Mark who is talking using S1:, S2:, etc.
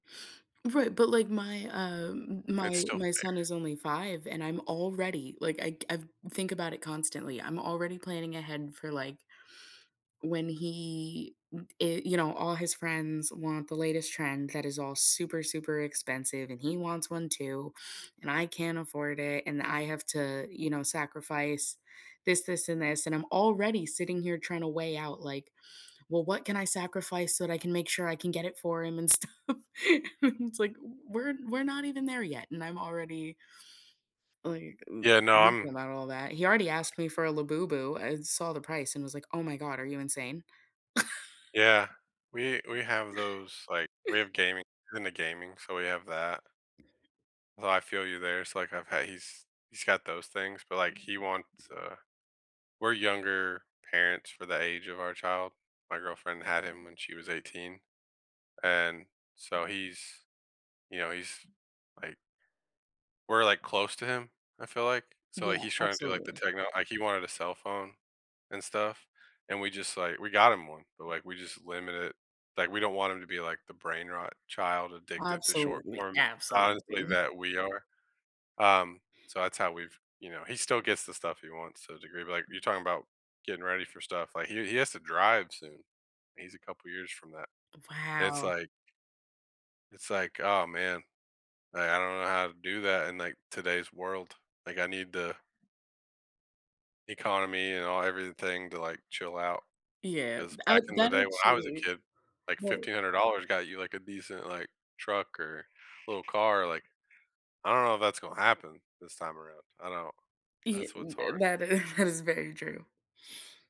S1: Right, but, like, my, uh,
S2: It's
S1: my
S2: still
S1: my son
S2: there.
S1: is only 5 and I'm already, like, I I think about it constantly, I'm already planning ahead for, like, when he, uh, i you know, all his friends want the latest trend that is all super, super expensive, and he wants one too, and I can't afford it, and I have to, you know, sacrifice this, this and this, and I'm already sitting here trying to weigh out, like, well, what can I sacrifice so that I can make sure I can get it for him and stuff. It's, like, we're we're not even there yet, and I'm already, like,
S2: Yeah, no,
S1: [unintelligible]
S2: I'm
S1: about all that, he already asked me for a Labubu. I saw the price and was, like, oh, my god, are you insane?
S2: Yeah, we we have those, like, we have gaming; he's into gaming, so we have that. Well, I feel you there. It's, like, I've had he's he's got those things, but, like, he wants, uh, we're younger parents for the age of our child. My girlfriend had him when she was 18. And so he's, you know, he's, like We're, like, close to him, I feel like. So, like,
S1: Yeah,
S2: he's trying to do, like, the
S1: absolutely.
S2: techno like, he wanted a cell phone and stuff, and we just, like, we got him one, but, like, we just limit it, like, we don't want him to be, like, the brain-rot child addicted to short
S1: Absolutely,
S2: form, honestly,
S1: absolutely.
S2: that we are. Um, so that's how we've, you know, he still gets the stuff he wants to a degree, but, like, you're talking about getting ready for stuff, like, he he has to drive soon. He's a couple of years from that. It's,
S1: Wow.
S2: like, It's, like, oh, man, like, I don't know how to do that in, like, today's world, like, I need the Economy and all everything to, like, chill out.
S1: Yeah,
S2: 'Cause
S1: I
S2: back in the
S1: that
S2: day when I was a
S1: actually,
S2: kid, like,
S1: but
S2: $1500 got you, like, a decent, like, truck, or little car, like, I don't know if that's gonna happen this time around. I don't know.
S1: Yeah,
S2: That's what's hard.
S1: that is that is very true.